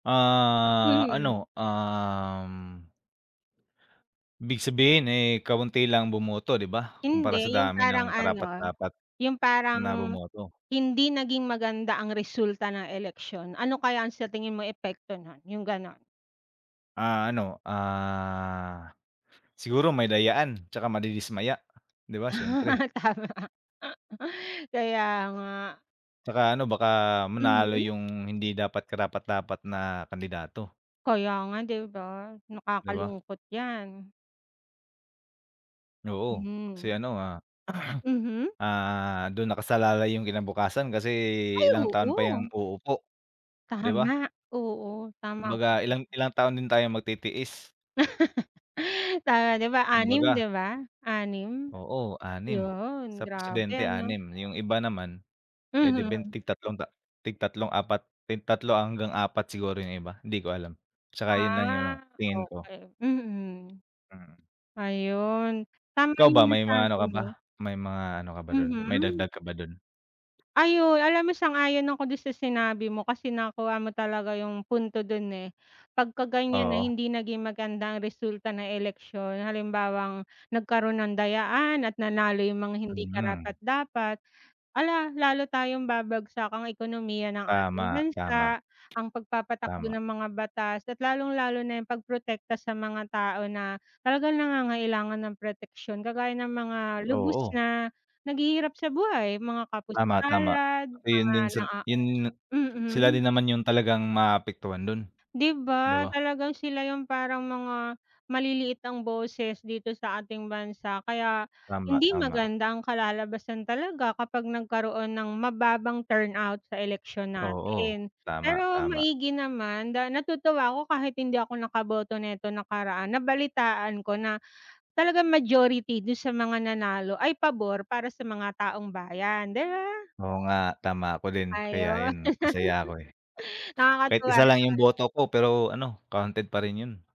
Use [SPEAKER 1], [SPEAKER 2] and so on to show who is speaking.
[SPEAKER 1] Ah
[SPEAKER 2] Mhm.
[SPEAKER 1] ano, um Ibig sabihin, eh, kaunti lang bumoto di ba, kumpara sa
[SPEAKER 2] Hindi, 'yung
[SPEAKER 1] dami
[SPEAKER 2] parang
[SPEAKER 1] ng
[SPEAKER 2] ano,
[SPEAKER 1] karapat-dapat
[SPEAKER 2] yung
[SPEAKER 1] na
[SPEAKER 2] parang,
[SPEAKER 1] bumoto.
[SPEAKER 2] "Hindi naging maganda ang resulta ng eleksyon, ano kaya sa tingin mo epekto nun," yung gano'n.
[SPEAKER 1] Ah, ano, ah, siguro may dayaan 'tsaka madidismaya, 'di ba
[SPEAKER 2] Ah,
[SPEAKER 1] siyempre.
[SPEAKER 2] tama. Kaya nga.
[SPEAKER 1] 'Tsaka ano baka manalo
[SPEAKER 2] Mhm.
[SPEAKER 1] 'yung hindi dapat karapat-dapat na kandidato.
[SPEAKER 2] Kaya nga 'di ba,
[SPEAKER 1] 'Di ba?
[SPEAKER 2] nakakalungkot 'yan.
[SPEAKER 1] Oo kasi
[SPEAKER 2] Mhm.
[SPEAKER 1] ano ah
[SPEAKER 2] Mhm.
[SPEAKER 1] ah, dun nakasalalay 'yung kinabukasan kasi
[SPEAKER 2] Ay,
[SPEAKER 1] ilang taon pa
[SPEAKER 2] oo.
[SPEAKER 1] 'yan uupo. 'Di
[SPEAKER 2] Tama,
[SPEAKER 1] ba?
[SPEAKER 2] oo, tama ka
[SPEAKER 1] Kumbaga
[SPEAKER 2] diyan.
[SPEAKER 1] ilang ilang taon din tayong magtitiis.
[SPEAKER 2] Tama, 'di ba, anim 'di
[SPEAKER 1] Kumbaga.
[SPEAKER 2] ba, anim?
[SPEAKER 1] Oo 6
[SPEAKER 2] Yon,
[SPEAKER 1] sa
[SPEAKER 2] grabe
[SPEAKER 1] presidente
[SPEAKER 2] ano.
[SPEAKER 1] 6 'yung iba naman, eh, di ben
[SPEAKER 2] Mhm.
[SPEAKER 1] tig 3 ta tig 3-4 tig 3 hanggang 4 siguro 'yung iba hindi ko alam, 'tsaka 'yun lang yung ano
[SPEAKER 2] Ah
[SPEAKER 1] tingin ko.
[SPEAKER 2] okey, mm.
[SPEAKER 1] Mm.
[SPEAKER 2] Ayun, tama
[SPEAKER 1] Ikaw
[SPEAKER 2] yung
[SPEAKER 1] ba may mga ano
[SPEAKER 2] nasabi
[SPEAKER 1] ka ba,
[SPEAKER 2] mo.
[SPEAKER 1] may mga ano ka ba dun may
[SPEAKER 2] Mhm.
[SPEAKER 1] dagdag ka ba dun?
[SPEAKER 2] Ayun, alam mo sang-ayon ako dun sa sinabi mo kasi nakuha mo talaga yung punto dun, eh, 'pagka ganiyan na
[SPEAKER 1] Oo.
[SPEAKER 2] hindi naging maganda ang resulta ng eleksyon halimbawang nagkaroon ng dayaan, at nanalo yung mga hindi
[SPEAKER 1] Hmm.
[SPEAKER 2] karapat-dapat. Hala, lalo tayong babagsak ang ekonomiya ng ating
[SPEAKER 1] Tama, tama.
[SPEAKER 2] bansa, ang pagpapatakbo
[SPEAKER 1] Tama.
[SPEAKER 2] ng mga batas at lalong-lalo na 'yung pagprotekta sa mga tao na talagang nangangailangan ng proteksiyon, kagaya ng mga lubos
[SPEAKER 1] Oo.
[SPEAKER 2] na naghihirap sa buhay, mga
[SPEAKER 1] Tama, tama,
[SPEAKER 2] kapuspalad, mga
[SPEAKER 1] ayun din
[SPEAKER 2] na ah
[SPEAKER 1] yun sila
[SPEAKER 2] mm.
[SPEAKER 1] din naman 'yung talagang maaapektuhan dun,
[SPEAKER 2] 'Di
[SPEAKER 1] 'di
[SPEAKER 2] ba,
[SPEAKER 1] ba?
[SPEAKER 2] talagang sila 'yung parang mga maliliit ang boses dito sa ating bansa kaya
[SPEAKER 1] Tama,
[SPEAKER 2] hindi
[SPEAKER 1] tama.
[SPEAKER 2] maganda ang kalalabasan talaga kapag nagkaroon ng mababang turnout sa eleksyon
[SPEAKER 1] Oo,
[SPEAKER 2] natin,
[SPEAKER 1] tama,
[SPEAKER 2] pero
[SPEAKER 1] tama.
[SPEAKER 2] maigi naman da natutuwa ako kahit hindi ako nakaboto neto nakaraan nabalitaan ko na talagang majority dun sa mga nanalo ay pabor para sa mga taong bayan. Di ba?
[SPEAKER 1] Oo nga, tama, ako din kaya
[SPEAKER 2] Ayun.
[SPEAKER 1] ayun masaya ako eh. Kahit
[SPEAKER 2] Nakakatuwa
[SPEAKER 1] isa lang 'yung
[SPEAKER 2] naman.
[SPEAKER 1] boto ko, pero ano counted pa rin 'yun.